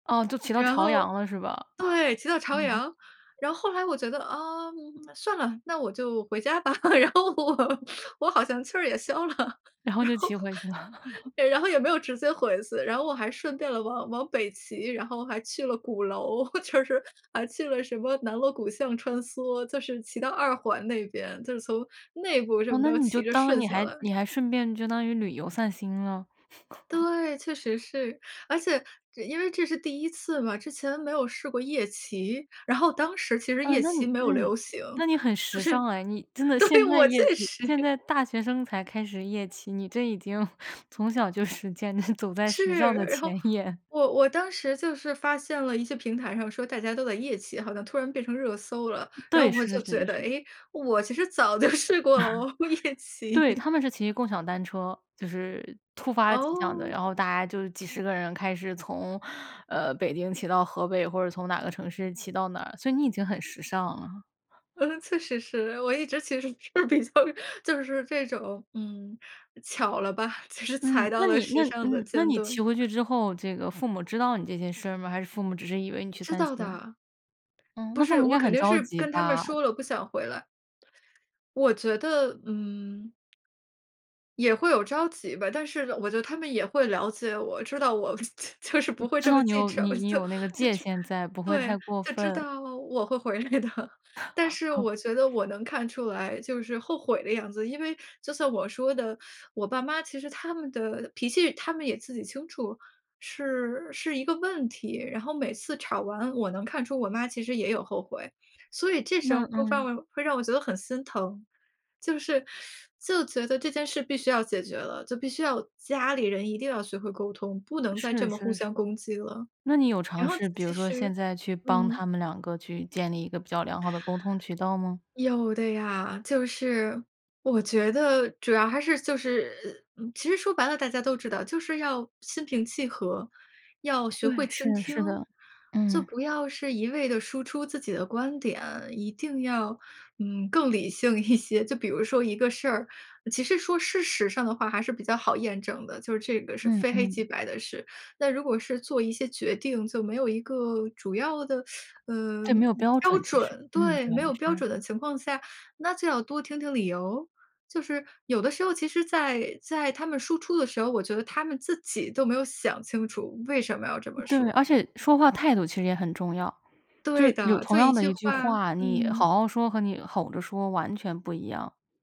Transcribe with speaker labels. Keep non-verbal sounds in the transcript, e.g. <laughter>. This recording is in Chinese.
Speaker 1: 哦，就骑到
Speaker 2: 然
Speaker 1: 朝
Speaker 2: 后
Speaker 1: 阳了，是吧？
Speaker 2: 对，骑到朝阳。
Speaker 1: <laughs>
Speaker 2: 然后后来我觉得，啊，算了，那我就回家吧。<laughs> 然后我我好像气儿也消了。然
Speaker 1: 然后就骑回去了。
Speaker 2: 后然后也没
Speaker 1: <laughs>
Speaker 2: 有直接回去，然后我还顺便了往往北骑，然后还去了鼓楼，就是还去了什么南锣鼓巷穿梭，就是骑到2环那边，就是从内部这
Speaker 1: 啊，
Speaker 2: 么
Speaker 1: 那
Speaker 2: 着
Speaker 1: 你就
Speaker 2: 骑着
Speaker 1: 当
Speaker 2: 顺
Speaker 1: 你
Speaker 2: 下
Speaker 1: 还
Speaker 2: 来。
Speaker 1: 你还顺便就当于旅游散心了。<laughs>
Speaker 2: 对，确实是。而且这因为这是第1次嘛，之前没有试过夜骑。然后当时其实
Speaker 1: 啊，
Speaker 2: 夜
Speaker 1: 那你
Speaker 2: 骑没有
Speaker 1: 嗯，
Speaker 2: 流行，
Speaker 1: 那你很
Speaker 2: 就
Speaker 1: 时
Speaker 2: 是
Speaker 1: 尚诶，你真的
Speaker 2: 对，
Speaker 1: 现在
Speaker 2: 我
Speaker 1: 夜
Speaker 2: 确
Speaker 1: 骑
Speaker 2: 实
Speaker 1: 现在大学生才开始夜骑，你这已经 <chuckles> 从小就实践你走在时
Speaker 2: 是，
Speaker 1: 尚的
Speaker 2: 然后
Speaker 1: 前沿。
Speaker 2: 我我当时就是发现了一些平台上说大家都在夜骑，好像突然变成热搜了。然
Speaker 1: 对，
Speaker 2: 后我
Speaker 1: 是是
Speaker 2: 就
Speaker 1: 是
Speaker 2: 觉
Speaker 1: 是
Speaker 2: 得，
Speaker 1: 是。
Speaker 2: 哎，我其实早就试过了哦，夜
Speaker 1: <laughs>
Speaker 2: 骑。
Speaker 1: 对，他们是骑共享单车。就是突发奇想的，
Speaker 2: 哦。
Speaker 1: 然后大家就几十个人开始从，呃，北京骑到河北，或者从哪个城市骑到哪儿，所以你已经很时尚了。
Speaker 2: 嗯，确实是，我一直其实是比较就是这种，嗯，巧了吧，其实踩
Speaker 1: 嗯，
Speaker 2: 到
Speaker 1: 那
Speaker 2: 了
Speaker 1: 你那
Speaker 2: 时尚的
Speaker 1: 嗯，那
Speaker 2: 尖
Speaker 1: 你骑
Speaker 2: 端。
Speaker 1: 回去之后，这个父母知道你这件事儿吗？还是父母只是以为你去
Speaker 2: 知
Speaker 1: 散
Speaker 2: 道
Speaker 1: 心？
Speaker 2: 的。
Speaker 1: 嗯，
Speaker 2: 不
Speaker 1: 那父
Speaker 2: 是，
Speaker 1: 母应
Speaker 2: 我
Speaker 1: 该
Speaker 2: 肯
Speaker 1: 很
Speaker 2: 定
Speaker 1: 着
Speaker 2: 是
Speaker 1: 急
Speaker 2: 跟他们
Speaker 1: 吧。
Speaker 2: 说了，不想回来。我觉得，嗯。也会有着急吧，但是我觉得他们也会了解我，知道我就是不会
Speaker 1: 知
Speaker 2: 这么
Speaker 1: 道你
Speaker 2: 记
Speaker 1: 有
Speaker 2: 仇。
Speaker 1: 你你
Speaker 2: 就
Speaker 1: 有那个界
Speaker 2: 就
Speaker 1: 限在，不会
Speaker 2: 对，
Speaker 1: 太过
Speaker 2: 就知
Speaker 1: 分。
Speaker 2: 道我会回来的。但是我觉得
Speaker 1: <laughs>
Speaker 2: 我能看出来就是后悔的样子。因为就像我说的，我爸妈其实他们的脾气，他们也自己清楚，是是一个问题。然后每次吵完我能看出我妈其实也有后悔，所以这时
Speaker 1: 那
Speaker 2: 候会犯
Speaker 1: 嗯。
Speaker 2: 会让我觉得很心疼。就是，<sucks teeth> 就觉得这件事必须要解决了，就必须要家里人一定要学会沟通，不能再这
Speaker 1: 是
Speaker 2: 么互
Speaker 1: 是是。
Speaker 2: 相攻击了。
Speaker 1: 那你有
Speaker 2: 然
Speaker 1: 尝
Speaker 2: 后
Speaker 1: 试比如
Speaker 2: 其
Speaker 1: 说现
Speaker 2: 实
Speaker 1: 在去帮
Speaker 2: 嗯。
Speaker 1: 他们两个去建立一个比较良好的沟通渠道吗？
Speaker 2: 有的呀，就是我觉得主要还是就是其实说白了，大家都知道，就是要心平气和，要学
Speaker 1: 对，
Speaker 2: 会倾
Speaker 1: 是
Speaker 2: 听。
Speaker 1: 是的。
Speaker 2: 就
Speaker 1: 嗯。
Speaker 2: 不要是一味地输出自己的观点，一定要，嗯，更理性一些。就比如说一个事儿，其实说事实上的话还是比较好验证的，就这个是
Speaker 1: 嗯
Speaker 2: 非黑
Speaker 1: 嗯。
Speaker 2: 即白的事。那如果是做一些决定，就没有一个主要的，<sucks teeth> 呃，
Speaker 1: 对，没有标
Speaker 2: 标
Speaker 1: 准其实，
Speaker 2: 准。
Speaker 1: 嗯，对，
Speaker 2: 对。没有标
Speaker 1: 是。
Speaker 2: 准的情况下，那就要多听听理由。就是有的时候其实在在他们输出的时候，我觉得他们自己都没有想清楚为什么要这么
Speaker 1: 对，
Speaker 2: 说。
Speaker 1: 而且说话态度其实也很重要，就
Speaker 2: 对
Speaker 1: 是有
Speaker 2: 的，
Speaker 1: 同
Speaker 2: 就一
Speaker 1: 样的
Speaker 2: 句
Speaker 1: 一句
Speaker 2: 话
Speaker 1: 话，你
Speaker 2: 嗯。
Speaker 1: 好好说，和你吼着说完全不一样。